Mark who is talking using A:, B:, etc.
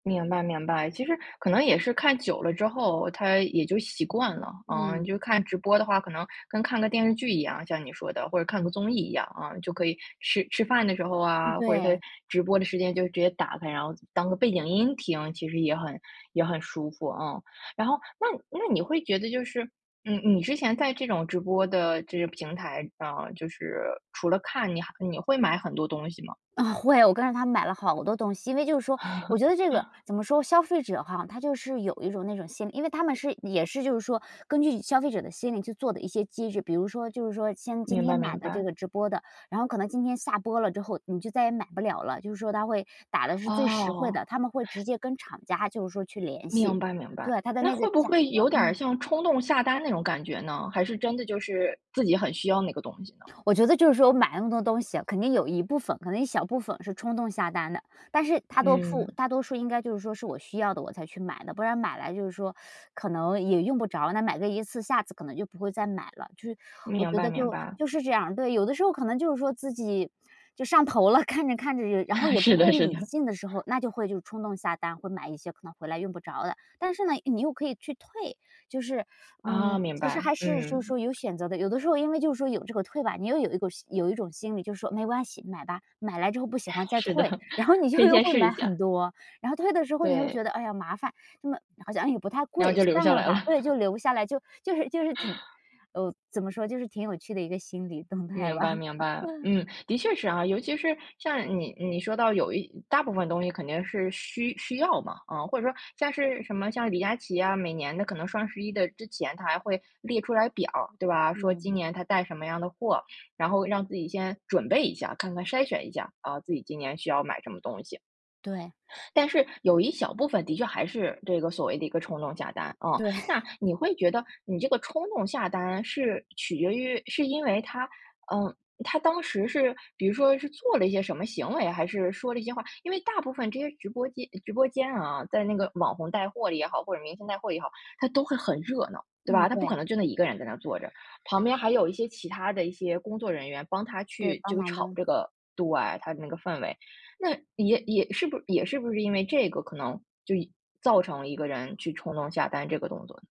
A: 明白明白。其实可能也是看久了之后它也就习惯了。嗯，你
B: 嗯。
A: 就看直播的话，可能跟看个电视剧一样，像你说的，或者看个综艺一样。嗯，就可以吃吃饭的时候啊，或者在
B: 对。
A: 直播的时间就直接打开，然后当个背景音听，其实也很也很舒服，嗯。然后那那你会觉得就是，嗯，你之前在这种直播的这些平台上啊，就是除了看，你还你会买很多东西吗？
B: 嗯，会。我跟着他买了好多东西。因为就是说我觉得这个 怎么说消费者哈，他就是有一种那种心理因为他们是也是就是说，根据消费者的心理去做的一些机制。比如说就是说像今
A: 明
B: 天
A: 白
B: 买
A: 明
B: 的这
A: 白。
B: 个直播的，然后可能今天下播了之后你就再也买不了了。就是说他会打的是最实惠
A: 哦。
B: 的，他们会直接跟厂家就是说去联系。
A: 明白明白，
B: 对，他的
A: 那
B: 那个
A: 会不
B: 价
A: 会
B: 格
A: 有点
B: 嗯。
A: 像冲动下单那种感觉呢？还是真的就是自己很需要那个东西呢？
B: 我觉得就是说买那么多东西，肯定有一部分，可能一小部分是冲动下单的。但是大多数
A: 嗯。
B: 大多数应该就是说是我需要的我才去买的。不然买来就是说，可能也用不着，那买个一次下次可能就不会再买了。就是，我
A: 明
B: 觉
A: 白
B: 得
A: 明
B: 就
A: 白。
B: 就是这样，对。有的时候可能就是说自己，就上头了，看着看着，然后 也不
A: 是的
B: 会
A: 是
B: 理
A: 的。
B: 性的时候，那就会就冲动下单，会买一些可能回来用不着的。但是呢，你又可以去退，就是
A: 哦，
B: 嗯，
A: 明
B: 其实
A: 白，
B: 还是就是
A: 嗯。
B: 说有选择的。有的时候因为就是说有这个退吧，你又有一股有一种心理，就是说“没关系，买吧，买来之后不喜欢 再
A: 是的，
B: 退”，然后你
A: 可
B: 就
A: 以
B: 又
A: 先
B: 会
A: 试一
B: 买很
A: 下。
B: 多，然后退的时候你又
A: 对。
B: 觉得，哎呀，麻烦。这么好像也不太
A: 然后
B: 贵，
A: 就留
B: 算
A: 下
B: 了
A: 来
B: 吧。对，
A: 了。
B: 就留下来，就就是就是挺 呃，怎么说就是挺有趣的一个心理动态
A: 明
B: 吧。
A: 白明白，嗯，的确是啊。尤其是像你你说到有一大部分东西肯定是需需要嘛，嗯。或者说像是什么像李佳琪啊，每年的可能双11之前他还会列出来表儿对吧？说今
B: 嗯。
A: 年他带什么样的货，然后让自己先准备一下，看看筛选一下，啊，自己今年需要买什么东西。
B: 对。
A: 但是有一小部分的确还是这个所谓的一个冲动下单，嗯。
B: 对。
A: 那 你会觉得，你这个冲动下单是取决于是因为他，嗯，他当时是比如说是做了一些什么行为，还是说了一些话因为大部分这些直播间直播间啊，在那个网红带货里也好，或者明星带货也好，他都会很热闹。对
B: 嗯，
A: 吧，他不可
B: 对。
A: 能就那一个人在那坐着，旁边还有一些其他的一些工作人员帮他
B: 对，
A: 去
B: 帮
A: 这个
B: 忙
A: 炒
B: 的。
A: 这个对，他的那个氛围。那也也是不是也是不是因为这个可能，就造成了一个人去冲动下单这个动作。